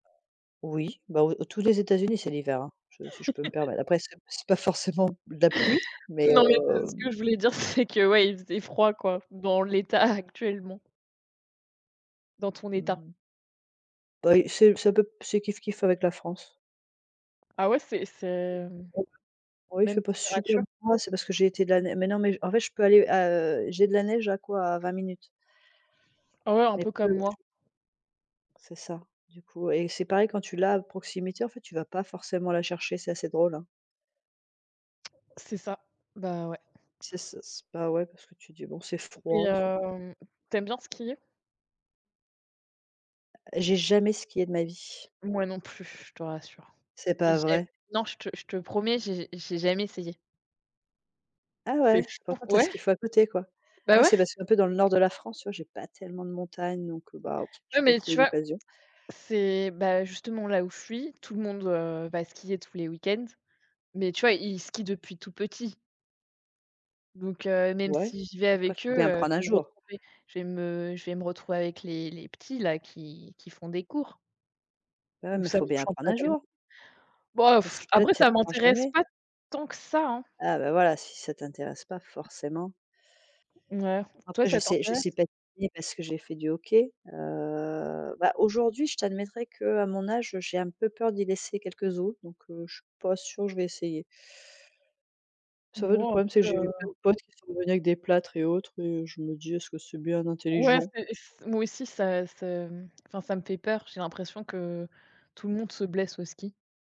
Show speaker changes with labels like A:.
A: Oui, bah, au au tous les États-Unis c'est l'hiver hein, je si je peux me permettre. Après c'est c'est pas forcément de la pluie, mais
B: Non, mais parce
A: hem
B: que je voulais dire c'est que ouais, il faisait froid quoi, dans l'état actuellement. Dans ton état.
A: Mmh. Bah, et c'est c'est un peu p c'est kif-kif avec la France.
B: Ah ouais, c'est c'est, hem,
A: Oh, il
B: même
A: fait pas super
B: température?
A: froid, c'est parce que j'ai été de la né mais non, mais j en fait, je peux aller à, heu, j'ai de la neige à quoi, à 20 minutes.
B: Ah, ouais, un
A: Mais
B: peu
A: pe
B: comme moi.
A: [unintelligible] C'est ça, du coup et c'est pareil quand tu l'as à proximité en fait, tu vas pas forcément la chercher, c'est assez drôle, hein.
B: C'est ça, bah ouais.
A: C'est s s bah, ouais parce que tu dis: «Bon c'est
B: Et
A: froid, c'est»
B: hem, tu aimes bien skier?
A: J'ai jamais skié de ma vie.
B: Moi non plus, je te rassure.
A: C'est pas
B: J'ai
A: vrai?
B: non, je te je te promets, j'ai j'ai jamais essayé.
A: Ah
B: C'est
A: ouais?
B: fou
A: Pourtant tu as ce
B: ouais.
A: qu'il faut à côté quoi.
B: Bah
A: Moi
B: ouais.
A: c'est parce que un peu dans le nord de la France, tu vois j'ai pas tellement de montagnes, donc, heu, bah,
B: Ouais,
A: j'ai pas
B: mais
A: trouvé
B: tu vois,
A: l'occasion.
B: c'est bah, justement, là où je suis, tout le monde, heu, va skier tous les week-ends, mais tu vois, ils skient depuis tout petit. Donc, heu, même
A: Ouais,
B: si j'y vais
A: après
B: avec eux,
A: faut bien
B: heu,
A: prendre un
B: je vais me
A: jour.
B: retrouver je vais me je vais me retrouver avec les les petits là, qui qui font des cours.
A: Bah, ouais,
B: Donc
A: mais
B: ça
A: faut bien
B: m'enchante
A: apprendre
B: pas
A: un
B: tellement.
A: jour.
B: Bah,
A: Dans ces cas-là
B: après
A: tu
B: ça
A: apprends
B: m'intéresse
A: jamais.
B: pas tant que ça, hein.
A: Ah, ben voilà, si ça t'intéresse pas,
B: [unintelligible]
A: forcément.
B: Mouais. Toi
A: Après je
B: ça
A: sais je
B: t'intéresse?
A: sais patiner parce que j'ai fait du hockey. Heu, bah, aujourd'hui je t'admettrais qu'à mon âge, heu, j'ai un peu peur d'y laisser quelques os, donc, heu, je suis pas sûre je vais essayer. [unintelligible] le
B: Bon
A: problème c'est que
B: après,
A: j'ai eu
B: heu
A: plein de potes qui sont revenus avec des plâtres et autres, et je me dis: «Est-ce que c'est bien
B: Ouais,
A: intelligent?»
B: c'est s moi aussi ça ça, mmh, enfin, ça me fait peur, j'ai l'impression que tout le monde se blesse au ski.